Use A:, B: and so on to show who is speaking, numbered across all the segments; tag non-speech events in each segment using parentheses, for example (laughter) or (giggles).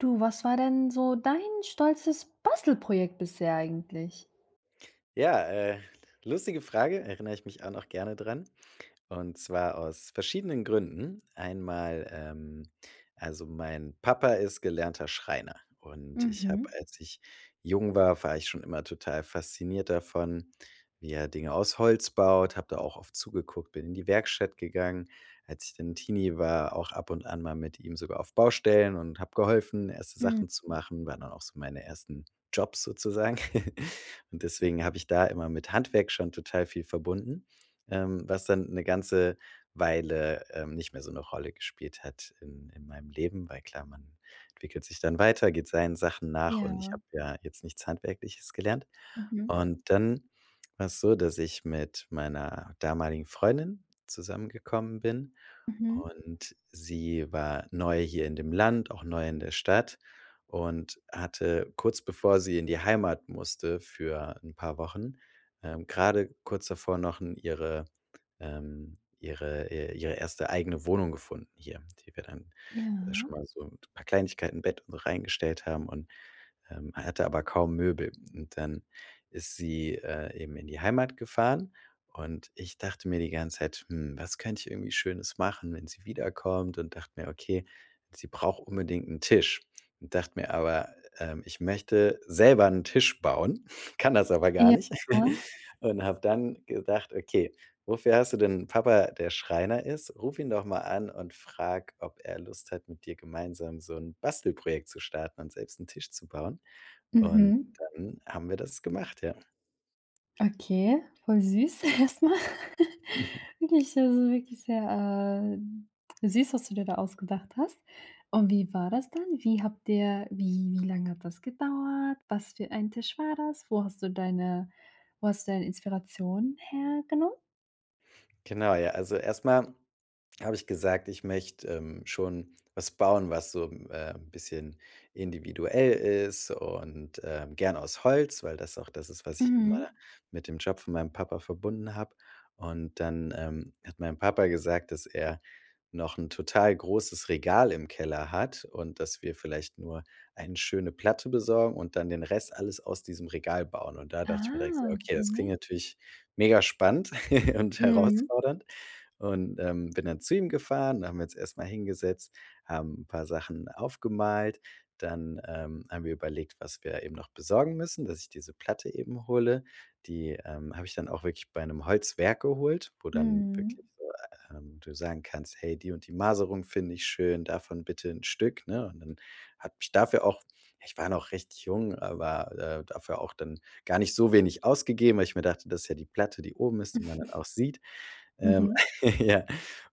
A: Du, was war denn so dein stolzes Bastelprojekt bisher eigentlich?
B: Ja, äh, lustige Frage, erinner ich mich auch noch gerne dran, und zwar aus verschiedenen Gründen. Einmal, ähm also mein Papa ist gelernter Schreiner. Und ich hab,
A: Mhm.
B: als ich jung war war ich schon immer total fasziniert davon, wie er Dinge aus Holz baut, hab da auch oft zugeguckt, bin in die Werkstatt gegangen. Als ich dann 'n Teenie war, auch ab und an mal mit ihm sogar auf Baustellen und hab geholfen, erste
A: Mhm.
B: Sachen zu machen, waren dann auch so meine ersten Jobs sozusagen. (giggles) Und deswegen hab ich da immer mit Handwerk schon total viel verbunden, ähm, was dann 'ne ganze Weile, ähm, nicht mehr so 'ne Rolle gespielt hat in in meinem Leben, weil klar, man entwickelt sich dann weiter, geht seinen Sachen nach, und ich
A: Ja.
B: hab ja jetzt nichts Handwerkliches gelernt.
A: Mhm.
B: Und dann war's so, dass ich mit meiner damaligen Freundin zusammengekommen bin,
A: Mhm.
B: und sie war neu hier in dem Land, auch neu in der Stadt und hatte, kurz bevor sie in die Heimat musste für 'n paar Wochen, ähm, gerade kurz davor noch n ihre ähm, ihre, äh, ihre erste eigene Wohnung gefunden hier, die wir dann
A: Ja.
B: schon mal so mit 'n paar Kleinigkeiten, Bett und so, reingestellt haben und, ähm hatte aber kaum Möbel. Und dann ist sie, äh, eben in die Heimat gefahren, und ich dachte mir die ganze Zeit: „Hm, was könnt ich irgendwie Schönes machen, wenn sie wiederkommt?“ Und dacht mir: „Okay, sie braucht unbedingt 'n Tisch.” Und dacht mir aber, ähm: ”Ich möchte selber 'n Tisch bauen, kann das aber gar
A: Ja.
B: nicht“. (laughs) Und hab dann gedacht: „Okay, wofür hast du denn 'n Papa, der Schreiner ist? Ruf ihn doch mal an und frag, ob er Lust hat, mit dir gemeinsam so 'n Bastelprojekt zu starten und selbst 'n Tisch zu bauen.“ Und
A: Mhm.
B: dann haben wir das gemacht, ja.
A: Okay, voll süß erst mal.
B: (giggles)
A: Wirklich, so so, also wirklich sehr, äh, süß, was du dir da ausgedacht hast. Und wie war das dann? Wie habt ihr, wie wie lang hat das gedauert? Was für ein Tisch war das? Wo hast du deine wo hast du deine Inspiration hergenommen?
B: Genau, ja. Also erst mal hab ich gesagt, ich möcht', ähm, schon was bauen, was so, ähm, 'n bisschen individuell ist und, ähm, gern aus Holz, weil das auch das ist, was ich immer
A: Mhm.
B: mit dem Job von meinem Papa verbunden hab. Und dann, ähm, hat mein Papa gesagt, dass er noch 'n total großes Regal im Keller hat und, dass wir vielleicht nur eine schöne Platte besorgen und dann den Rest alles aus diesem Regal bauen. Und da dacht ich mir direkt: „Ja
A: Ja.
B: okay, das klingt
A: Okay.
B: natürlich megaspannend (giggles) und
A: Mhm.
B: herausfordernd.“ Und, ähm, bin dann zu ihm gefahren, dann haben wir jetzt erst mal hingesetzt, haben 'n paar Sachen aufgemalt. Dann, ähm, haben wir überlegt, was wir eben noch besorgen müssen, dass ich diese Platte eben hole. Die, ähm, hab ich dann auch wirklich bei 'nem Holzwerk geholt, wo dann wirklich
A: Mhm.
B: so, ähm, du sagen kannst: „Hey, die und die Maserung finde ich schön, davon bitte 'n Stück”, ne? Und dann hab ich dafür auch ich war noch recht jung, aber, äh dafür auch dann gar nicht so wenig ausgegeben, weil ich mir dachte, dass ja die Platte, die oben ist, die man dann
A: (chuckles)
B: auch sieht. Ähm,
A: Mhm.
B: (laughs) ja,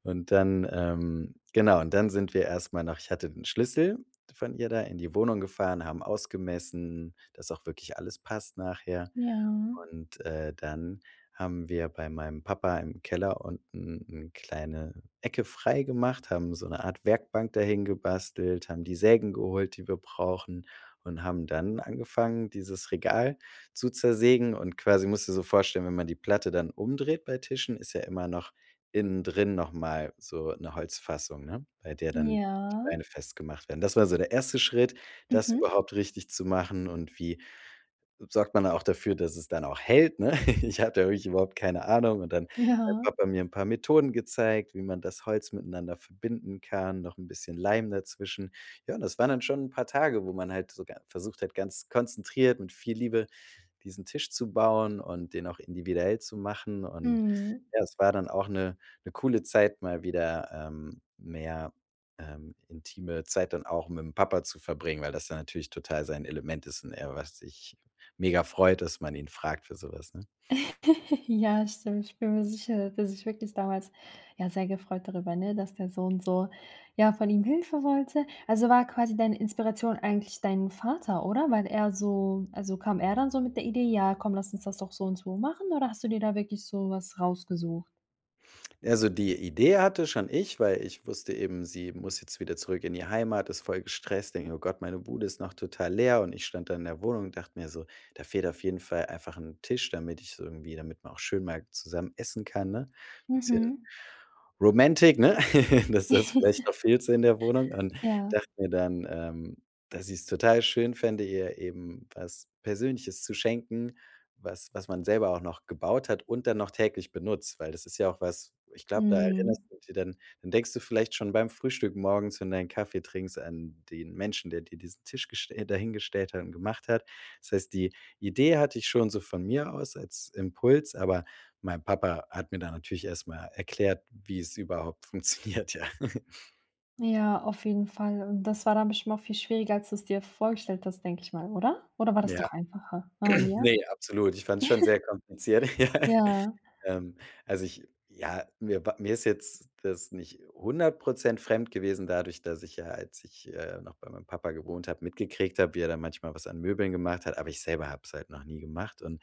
B: und dann, ähm genau, und dann sind wir erst mal noch ich hatte 'n Schlüssel von ihr da in die Wohnung gefahren, haben ausgemessen, dass auch wirklich alles passt nachher.
A: Ja.
B: Und, äh, dann haben wir bei meinem Papa im Keller unten 'ne kleine Ecke freigemacht, haben so 'ne Art Werkbank dahin gebastelt, haben die Sägen geholt, die wir brauchen und haben dann angefangen, dieses Regal zu zersägen. Und quasi musst du dir so vorstellen, wenn man die Platte dann umdreht bei Tischen, ist ja immer noch innen drin noch mal so 'ne Holzfassung, ne, bei der dann die
A: Ja.
B: Beine festgemacht werden. Das war so der erste Schritt, das
A: Mhm.
B: überhaupt richtig zu machen, und wie sorgt man auch dafür, dass es dann auch hält, ne? (laughs) Ich hatte ja wirklich überhaupt keine Ahnung, und dann hat mein
A: Ja.
B: Papa mir 'n paar Methoden gezeigt, wie man das Holz miteinander verbinden kann, noch 'n bisschen Leim dazwischen. Ja, und das waren dann schon 'n paar Tage, wo man halt so ga versucht hat, ganz konzentriert mit viel Liebe diesen Tisch zu bauen und den auch individuell zu machen. Und
A: Mhm.
B: ja, es war dann auch 'ne 'ne coole Zeit, mal wieder, ähm, mehr, ähm, intime Zeit dann auch mit 'm Papa zu verbringen, weil das dann natürlich total sein Element ist und er was ich mega freut, dass man ihn fragt für so was, ne?
A: (giggles) Ja, stimmt, ich bin mir sicher, dass er sich wirklich damals ja sehr gefreut darüber, ne, dass der Sohn so ja, von ihm Hilfe wollte. Also, war quasi deine Inspiration eigentlich dein Vater, oder? Weil er so also, kam er dann so mit der Idee: „Ja komm, lass uns das doch so und so machen”? Oder hast du dir da wirklich so was rausgesucht?
B: Ja, also die Idee hatte schon ich, weil ich wusste eben, sie muss jetzt wieder zurück in die Heimat, ist voll gestresst. Denke mir: „Oh Gott, meine Bude ist noch total leer”, und ich stand da in der Wohnung und dacht mir so: „Da fehlt auf jeden Fall einfach 'n Tisch”, damit ich s irgendwie damit man auch schön mal zusammen essen kann, ne? Bisschen
A: Mhm.
B: romantic, ne? (laughs) Dass das vielleicht
A: (giggles)
B: noch fehlte in der Wohnung und
A: Ja.
B: dachte mir dann, ähm, dass ich's total schön fände, ihr eben was Persönliches zu schenken, was was man selber auch noch gebaut hat und dann noch täglich benutzt, weil das ist ja auch was Ich glaub, da erinnerst
A: Mhm.
B: du dich dann dann denkst du vielleicht schon beim Frühstück morgens, wenn du deinen Kaffee trinkst an den Menschen, der dir diesen Tisch gestell dahingestellt hat und gemacht hat. Das heißt, die Idee hatte ich schon so von mir aus als Impuls, aber mein Papa hat mir da natürlich erst mal erklärt, wie es überhaupt funktioniert, ja. (giggles)
A: Ja, auf jeden Fall, und das war dann bestimmt auch viel schwieriger als du es dir vorgestellt hast, denke ich mal, oder? Oder war das
B: Ja.
A: doch einfacher? Ah n
B: (clears throat)
A: ja?
B: Ne, absolut. Ich fand's schon sehr kompliziert.
A: (laughs)
B: (laughs)
A: Ja.
B: Ähm, also, ich ja, mir wa mir ist jetzt das nicht 100 % fremd gewesen, dadurch, dass ich ja, als ich, äh, noch bei meinem Papa gewohnt hab, mitgekriegt hab, wie er da manchmal was an Möbeln gemacht hat. Aber ich selber hab's halt noch nie gemacht, und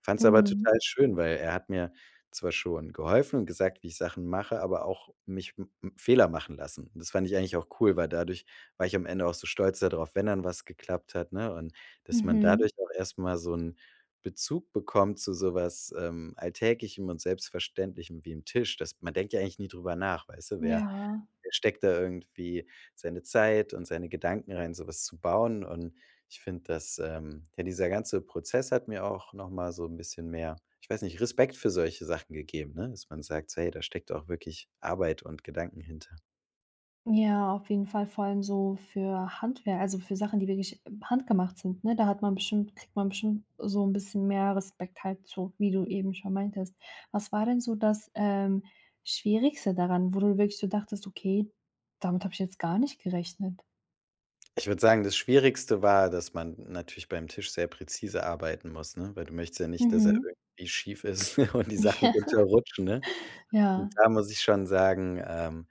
B: fand's aber
A: Mhm.
B: total schön, weil er hat mir zwar schon geholfen und gesagt, wie ich Sachen mache, aber auch mich m m Fehler machen lassen. Und das fand ich eigentlich auch cool, weil dadurch war ich am Ende auch so stolz da drauf, wenn dann was geklappt hat, ne? Und dass man dadurch
A: Mhm.
B: auch erst mal so 'n Bezug bekommt zu so was, ähm, Alltäglichem und Selbstverständlichem, wie 'n Tisch. Das man denkt ja eigentlich nie drüber nach, weißt du? Wer
A: Ja.
B: wer steckt da irgendwie seine Zeit und seine Gedanken rein, so was zu bauen? Und ich find das, ähm ja, dieser ganze Prozess hat mir auch noch mal so 'n bisschen mehr ich weiß nicht, Respekt für solche Sachen gegeben, ne, dass man sagt, so: „Hey, da steckt auch wirklich Arbeit und Gedanken hinter.“
A: Ja, auf jeden Fall- vor allem so für Handwerk, also für Sachen, die wirklich handgemacht sind, ne? Da hat man bestimmt kriegt man bestimmt so 'n bisschen mehr Respekt, halt so, wie du eben schon meintest. Was war denn so das, ähm, Schwierigste daran, wo du wirklich so dachtest: „Okay, damit hab ich jetzt gar nicht gerechnet?"
B: Ich würd sagen, das Schwierigste war, dass man natürlich bei 'nem Tisch sehr präzise arbeiten muss, ne? Weil du möchtest ja nicht, dass er
A: Mhm.
B: irgendwie schief ist (laughs) und die Sachen
A: Ja.
B: runterrutschen, ne? Und
A: Ja.
B: da muss ich schon sagen, ähm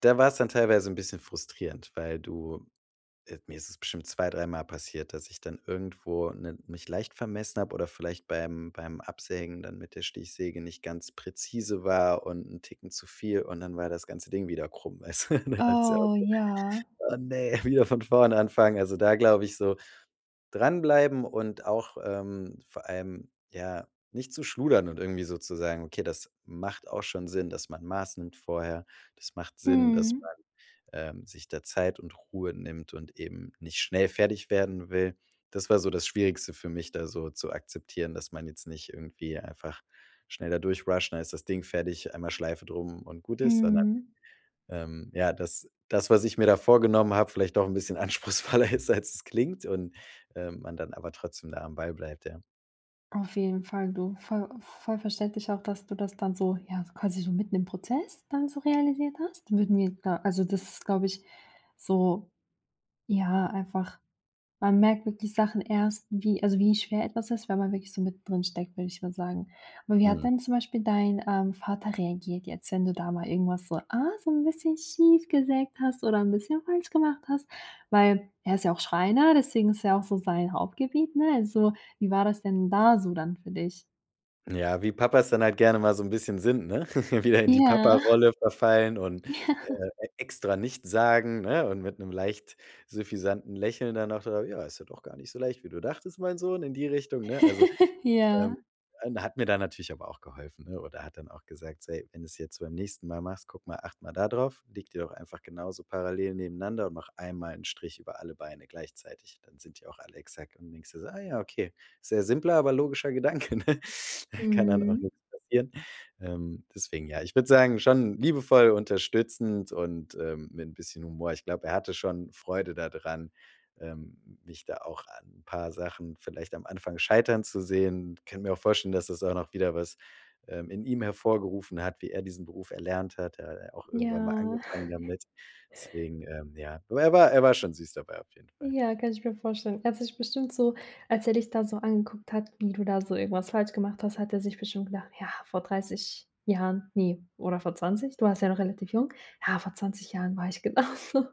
B: da war's dann teilweise 'n bisschen frustrierend, weil du Äh, mir ist es bestimmt 2, 3 Mal passiert, dass ich dann irgendwo 'nen mich leicht vermessen hab oder vielleicht beim beim Absägen dann mit der Stichsäge nicht ganz präzise war und 'n Ticken zu viel, und dann war das ganze Ding wieder krumm, weißt du? (laughs) Dann dachtest du dir auch
A: Oh,
B: so:
A: ja.
B: „Oh ne, wieder von vorne anfangen.“ Also, da glaube ich, so, Dranbleiben und auch, ähm, vor allem, ja, nicht zu schludern und irgendwie so zu sagen: „Okay, das macht auch schon Sinn, dass man Maß nimmt vorher. Das macht Sinn, dass
A: Mhm.
B: man, ähm, sich da Zeit und Ruhe nimmt und eben nicht schnell fertig werden will.“ Das war so das Schwierigste für mich, da so zu akzeptieren, dass man jetzt nicht irgendwie einfach schnell da durch rusht, dann ist das Ding fertig, einmal Schleife drum, und gut ist. Sondern,
A: Mhm.
B: ähm, ja, dass das, was ich mir da vorgenommen hab, vielleicht doch 'n bisschen anspruchsvoller ist als es klingt und, ähm, man dann aber trotzdem da am Ball bleibt, ja.
A: Auf jeden Fall du, voll voll verständlich auch, dass du das dann so ja, quasi so mitten im Prozess dann so realisiert hast. Würden wir da also das ist, glaub ich, so ja, einfach man merkt wirklich Sachen erst, wie also wie schwer etwas ist, wenn man wirklich so mit drin steckt, würd ich mal sagen. Aber wie hat
B: Mhm.
A: denn zum Beispiel dein, ähm, Vater reagiert jetzt, wenn du da mal irgendwas so, ah, so 'n bisschen schief gesägt hast oder 'n bisschen falsch gemacht hast? Weil, er ist ja auch Schreiner, deswegen ist ja auch so sein Hauptgebiet, ne? Also, wie war das denn da so dann für dich?
B: Ja, wie Papas dann halt gerne mal so 'n bisschen sind, ne? (laughs) Wieder in die
A: Ja.
B: Paparolle verfallen und
A: Ja.
B: extra nichts sagen, ne? Und mit 'nem leicht süffisanten Lächeln dann auch: (unintelligible) „Ja, ist ja doch gar nicht so leicht, wie du dachtest, mein Sohn", in die Richtung, ne? Also,
A: (laughs) Ja.
B: ähm, hat mir da natürlich aber auch geholfen, ne? Oder hat dann auch gesagt so: „Ey, wenn du's jetzt beim nächsten Mal machst, guck mal, achte mal da drauf, leg die doch einfach genauso parallel nebeneinander und mach einmal 'n Strich über alle Beine gleichzeitig. Dann sind die auch alle exakt.“ Und dann denkst du so: „Ah ja, okay, sehr simpler, aber logischer Gedanke“, (chuckles) ne? Kann dann auch
A: Mhm.
B: nix passieren. Ähm, deswegen ja, ich würd sagen, schon liebevoll unterstützend und, ähm, mit 'n bisschen Humor. Ich glaub, er hatte schon Freude da dran, ähm, mich da auch an 'n paar Sachen vielleicht am Anfang scheitern zu sehen. Ich kann mir auch vorstellen, dass das auch noch wieder was, ähm, in ihm hervorgerufen hat, wie er diesen Beruf erlernt hat. Er hat auch irgendwann mal
A: Ja.
B: angefangen
A: (chuckles)
B: damit. Deswegen, ähm, ja, du, er war er war schon süß dabei, auf jeden Fall.
A: Ja, kann ich mir vorstellen. Er hat dich bestimmt so, als er dich da so angeguckt hat, wie du da so irgendwas falsch gemacht hast, hat er sich bestimmt gedacht, ja, vor 30 Jahren, ne, oder vor 20. Du warst ja noch relativ jung. Ja, vor 20 Jahren war ich genauso.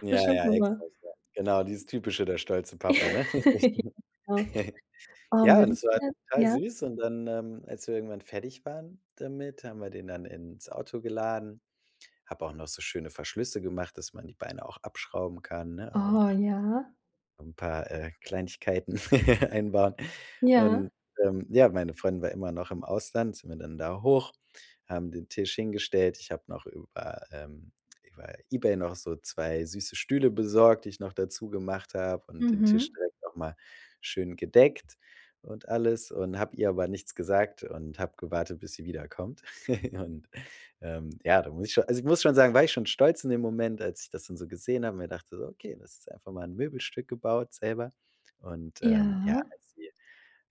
B: Ja,
A: Bestimmt
B: ja,
A: normal.
B: exakt, ja, genau, dieses typische, der stolze Papa, ne? Richtig.
A: (laughs) Genau.
B: (giggles) Ja, und es war
A: (unintelligible)
B: total
A: Ja?
B: süß und dann, ähm, als wir irgendwann fertig waren damit, haben wir den dann ins Auto geladen. Hab auch noch so schöne Verschlüsse gemacht, dass man die Beine auch abschrauben kann, ne? Also
A: Oh
B: da
A: ja.
B: 'n paar, äh, Kleinigkeiten (laughs) einbauen.
A: Ja.
B: Und, ähm, ja, meine Freundin war immer noch im Ausland, sind wir dann da hoch, haben den Tisch hingestellt. Ich hab noch über ähm, über eBay noch so 2 süße Stühle besorgt, die ich noch dazu gemacht hab und den Tisch
A: Mhm.
B: direkt noch mal schön gedeckt und alles. Und hab ihr aber nichts gesagt und hab gewartet, bis sie wiederkommt. (giggles) Und, ähm, ja, da muss ich schon also ich muss schon sagen, war ich schon stolz in dem Moment, als ich das dann so gesehen hab und mir dachte so: „Okay, das ist einfach mal 'n Möbelstück gebaut selber.“ Und, ähm, ja,
A: Ja.
B: als sie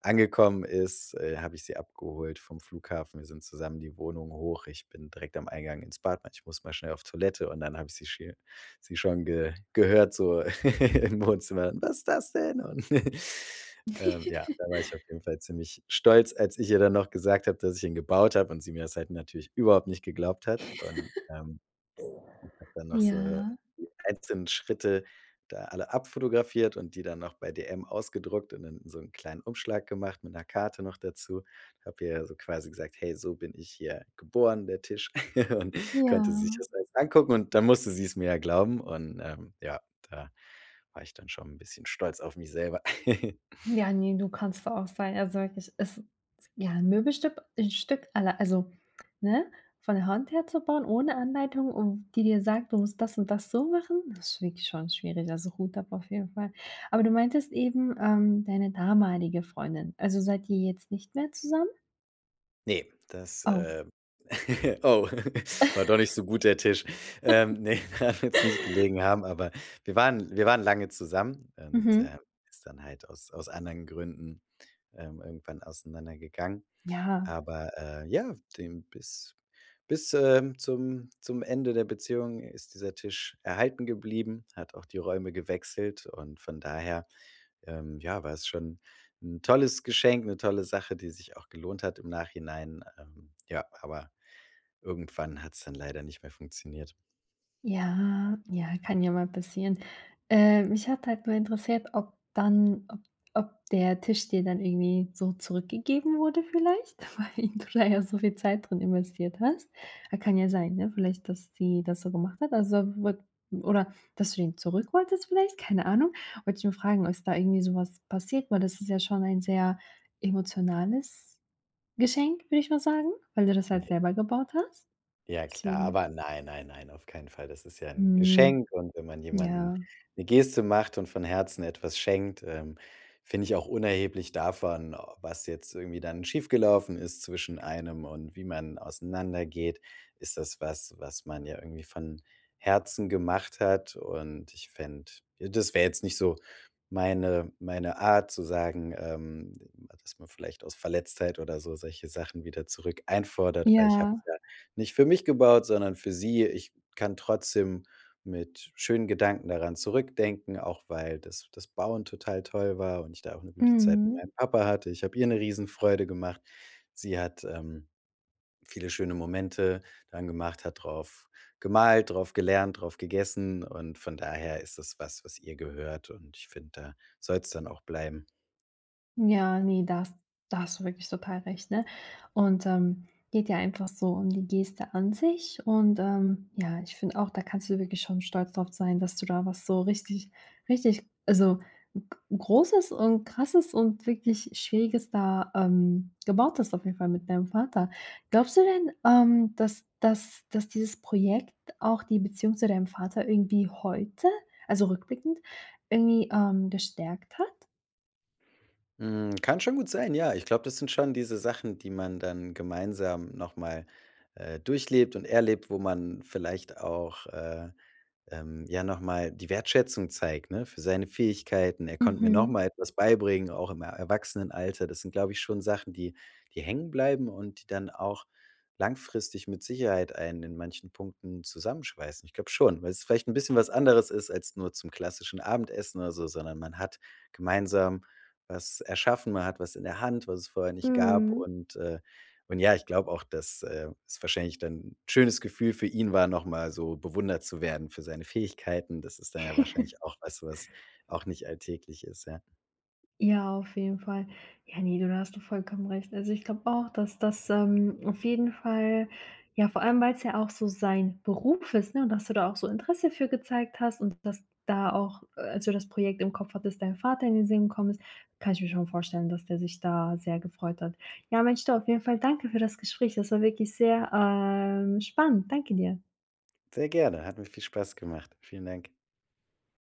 B: angekommen ist, äh, hab ich sie abgeholt vom Flughafen. Wir sind zusammen die Wohnung hoch. Ich bin direkt am Eingang ins Bad, meinte ich muss mal schnell auf Toilette und dann habe ich sie sche sie schon ge gehört so (laughs) im Wohnzimmer: „Was ist das denn?" Und, (giggles) ähm, ja,
A: (giggles)
B: da war ich auf jeden Fall ziemlich stolz, als ich ihr dann noch gesagt hab, dass ich ihn gebaut hab und sie mir das halt natürlich überhaupt nicht geglaubt hat. Und,
A: (giggles)
B: ähm, hab dann noch so, äh,
A: Ja.
B: die einzelnen Schritte da alle abfotografiert und die dann noch bei dm ausgedruckt und dann in so 'n kleinen Umschlag gemacht mit 'ner Karte noch dazu. Hab ihr ja so quasi gesagt: „Hey, so bin ich hier geboren", der Tisch (laughs) und konnte sich
A: Ja.
B: das jetzt angucken und dann musste sie's mir ja glauben. Und, ähm, ja, da war ich dann schon 'n bisschen stolz auf mich selber. (laughs)
A: Ja, ne, du kannst da auch sein, also wirklich, ist ja 'n Möbelstück, 'n Stück alle also ne, von der Hand her zu bauen ohne Anleitung und die dir sagt, du musst das und das so machen. Das ist wirklich schon schwierig, also Hut ab auf jeden Fall. Aber du meintest eben, ähm, deine damalige Freundin. Also, seid ihr jetzt nicht mehr zusammen?
B: Ne, das,
A: Oh.
B: äh, (laughs) oh, (giggles) war doch nicht
A: (laughs)
B: so gut, der Tisch. Ähm,
A: (laughs)
B: ne, daran wird's nicht gelegen haben, aber wir waren wir waren lange zusammen und,
A: Mhm.
B: ähm, ist dann halt aus aus anderen Gründen, ähm, irgendwann auseinandergegangen.
A: Ja.
B: Aber, äh, ja, dem bis bis, ähm, zum zum Ende der Beziehung ist dieser Tisch erhalten geblieben, hat auch die Räume gewechselt. Und von daher, ähm, ja, war es schon 'n tolles Geschenk, 'ne tolle Sache, die sich auch gelohnt hat im Nachhinein. Ähm, ja, aber irgendwann hat's dann leider nicht mehr funktioniert.
A: Ja ja, kann ja mal passieren. Äh, mich hat halt nur interessiert, ob dann ob ob der Tisch dir dann irgendwie so zurückgegeben wurde, vielleicht? Weil du da ja so viel Zeit drin investiert hast. A kann ja sein, ne, vielleicht, dass sie das so gemacht hat, also wurd oder dass du ihn zurück wolltest, vielleicht, keine Ahnung. Wollt ich nur fragen, ob es da irgendwie so was passiert, weil das ist ja schon ein sehr emotionales Geschenk, würde ich mal sagen, weil du das halt
B: Ne.
A: selber gebaut hast.
B: Ja klar,
A: Deswegen.
B: aber nein, nein, nein, auf keinen Fall. Das ist ja 'n
A: Hm.
B: Geschenk. Und wenn man jemanden
A: Ja.
B: 'ne Geste macht und von Herzen etwas schenkt, ähm find ich auch unerheblich davon, o was jetzt irgendwie dann schief gelaufen ist zwischen einem und wie man auseinandergeht, ist das, was, was man ja irgendwie von Herzen gemacht hat und ich fänd ja, das wär jetzt nicht so meine meine Art zu sagen, ähm, dass man vielleicht aus Verletztheit oder so solche Sachen wieder zurück einfordert, weil ich
A: Ja.
B: hab's ja nicht für mich gebaut, sondern für sie. Ich kann trotzdem mit schönen Gedanken daran zurückdenken, auch weil das das Bauen total toll war und ich da auch 'ne gute Zeit mit
A: Mhm.
B: meinem Papa hatte. Ich hab ihr 'ne Riesenfreude gemacht. Sie hat, ähm, viele schöne Momente dran gemacht, hat drauf gemalt, drauf gelernt, drauf gegessen, und von daher ist das was, was ihr gehört, und ich find, da soll's dann auch bleiben.
A: Ja, ne, da has da hast du wirklich total recht, ne? Und, ähm, geht ja einfach so um die Geste an sich, und, ähm, ja, ich find auch, da kannst du wirklich schon stolz drauf sein, dass du da was so richtig richtig, also G Großes und Krasses und wirklich Schwieriges da, ähm, gebaut hast, auf jeden Fall, mit deinem Vater. Glaubst du denn, ähm, dass dass dass dieses Projekt auch die Beziehung zu deinem Vater irgendwie heute, also rückblickend, irgendwie, ähm, gestärkt hat?
B: Mhm, kann schon gut sein, ja. Ich glaub, das sind schon diese Sachen, die man dann gemeinsam noch mal, äh, durchlebt und erlebt, wo man vielleicht auch, äh ähm, ja, noch mal die Wertschätzung zeigt, ne, für seine Fähigkeiten. Er konnt mir noch
A: Mhm.
B: mal etwas beibringen, auch im E Erwachsenenalter. Das sind, glaub ich, schon Sachen, die die hängenbleiben und die dann auch langfristig mit Sicherheit einen in manchen Punkten zusammenschweißen. Ich glaub schon, weil's vielleicht 'n bisschen was anderes ist als nur zum klassischen Abendessen oder so, sondern man hat gemeinsam was erschaffen. Man hat was in der Hand, was es vorher nicht gab.
A: Mhm.
B: Und, äh, und ja, ich glaub auch, dass, äh, es wahrscheinlich dann 'n schönes Gefühl für ihn war, noch mal so bewundert zu werden für seine Fähigkeiten. Das ist dann ja
A: (giggles)
B: wahrscheinlich auch weißt du, was auch nicht alltäglich ist, ja.
A: Ja, auf jeden Fall. Ja, ne, du, da hast du vollkommen recht. Also ich glaub auch, dass das, ähm, auf jeden Fall ja, vor allem weil's ja auch so sein Beruf ist, ne? Und dass du da auch so Interesse für gezeigt hast und dass du da auch, äh, als du das Projekt im Kopf hattest, dein Vater in den Sinn gekommen ist. Kann ich mir schon vorstellen, dass der sich da sehr gefreut hat. Ja, Mensch, du, auf jeden Fall danke für das Gespräch. Das war wirklich sehr, ähm, spannend. Danke dir.
B: Sehr gerne, hat mir viel Spaß gemacht. Vielen Dank.